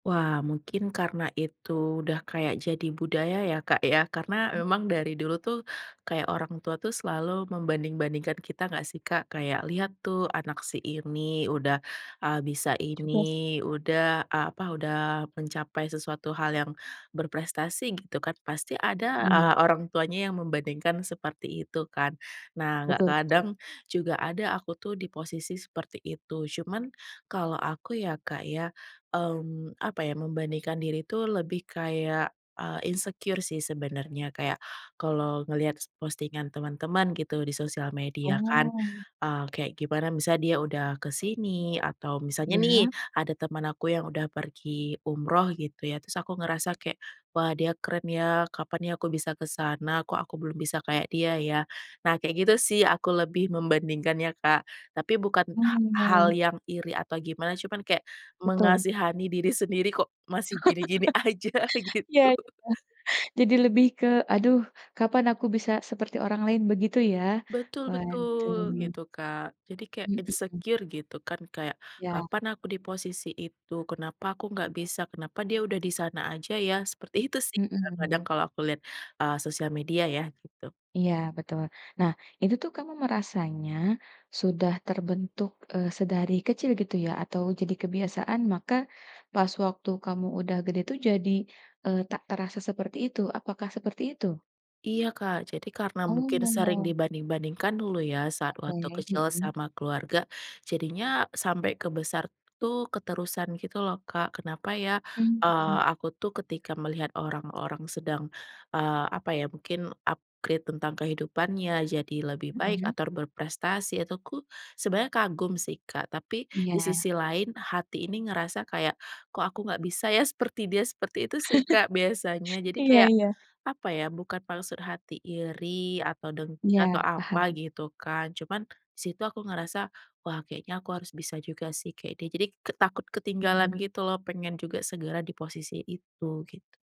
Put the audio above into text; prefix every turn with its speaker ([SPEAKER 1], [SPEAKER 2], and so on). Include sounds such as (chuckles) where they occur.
[SPEAKER 1] Wah mungkin karena itu udah kayak jadi budaya ya, Kak, ya. Karena
[SPEAKER 2] Mmm.
[SPEAKER 1] memang dari dulu tuh kayak orang tua tuh selalu membanding-bandingkan kita nggak sih, Kak? Kayak, “Lihat tuh anak si ini udah, ah, bisa
[SPEAKER 2] Juga sih.
[SPEAKER 1] ini, udah, ah, apa, udah mencapai sesuatu hal yang berprestasi,” gitu kan. Pasti ada,
[SPEAKER 2] Iya.
[SPEAKER 1] ah, orang tuanya yang membandingkan seperti itu kan. Nah nggak
[SPEAKER 2] Betul betul.
[SPEAKER 1] kadang juga aku tuh di posisi seperti itu. Cuman kalau aku ya, Kak, ya, mmm, apa ya, membandingkan diri tuh lebih kayak, eee, insecure sih sebenernya. Kayak kalau ngelihat s postingan teman-teman gitu di sosial media kan,
[SPEAKER 2] Oh.
[SPEAKER 1] ah, kayak gimana, misalnya dia udah ke sini atau misalnya nih
[SPEAKER 2] Ya.
[SPEAKER 1] ada teman aku yang udah pergi umroh gitu ya. Terus aku ngerasa kayak, “Wah dia keren ya, kapan nih aku bisa ke sana? Kok aku belum bisa kayak dia ya?” Nah kayak gitu sih aku lebih membandingkan ya, Kak. Tapi bukan ha hal
[SPEAKER 2] Oh.
[SPEAKER 1] yang iri atau gimana, cuman kayak
[SPEAKER 2] Betul.
[SPEAKER 1] mengasihani diri sendiri, “Kok masih gini-gini aja,”
[SPEAKER 2] (laughs) Iya
[SPEAKER 1] gitu.
[SPEAKER 2] iya, jadi lebih ke, "Aduh, kapan aku bisa seperti orang lain?" begitu ya.
[SPEAKER 1] Betul, betul
[SPEAKER 2] Waduh.
[SPEAKER 1] gitu, Kak. Jadi kayak
[SPEAKER 2] Mmm, mhm.
[SPEAKER 1] insecure gitu kan. Kayak
[SPEAKER 2] Ya.
[SPEAKER 1] kapan aku di posisi itu? Kenapa aku nggak bisa? Kenapa dia udah di sana aja ya? Seperti itu sih,
[SPEAKER 2] Mhm.
[SPEAKER 1] kadang-kadang kalau aku lihat, ah, sosial media ya gitu.
[SPEAKER 2] Iya betul. Nah itu tuh kamu merasanya sudah terbentuk, eee, sedari kecil gitu ya atau jadi kebiasaan maka pas waktu kamu udah gede tuh jadi, eee, tak terasa seperti itu? Apakah seperti itu?
[SPEAKER 1] Iya, Kak, jadi karena mungkin sering
[SPEAKER 2] Oh.
[SPEAKER 1] dibanding-bandingkan dulu ya saat waktu
[SPEAKER 2] Oke,
[SPEAKER 1] kecil
[SPEAKER 2] mhm.
[SPEAKER 1] sama keluarga, jadinya sampai ke besar tuh keterusan gitu loh, Kak. Kenapa ya,
[SPEAKER 2] Mmm,
[SPEAKER 1] eee,
[SPEAKER 2] mhm.
[SPEAKER 1] aku tuh ketika melihat orang-orang sedang, eee, apa ya mungkin upgrade tentang kehidupannya jadi lebih baik
[SPEAKER 2] Mhm.
[SPEAKER 1] atau berprestasi itu ku sebenarnya kagum sih, Kak. Tapi di
[SPEAKER 2] Iya.
[SPEAKER 1] sisi lain, hati ini ngerasa kayak, “Kok aku nggak bisa ya seperti dia?” Seperti itu sih, Kak, biasanya.
[SPEAKER 2] (chuckles)
[SPEAKER 1] Jadi
[SPEAKER 2] Iya
[SPEAKER 1] kayak,
[SPEAKER 2] iya.
[SPEAKER 1] apa ya, bukan maksud hati iri atau dengki
[SPEAKER 2] Iya,
[SPEAKER 1] atau apa
[SPEAKER 2] paham.
[SPEAKER 1] gitu kan, cuman di situ aku ngerasa, “Wah kayaknya aku harus bisa juga sih kek dia,” jadi ke takut ketinggalan
[SPEAKER 2] Mmm.
[SPEAKER 1] gitu loh. Pengen juga segera di posisi itu, gitu.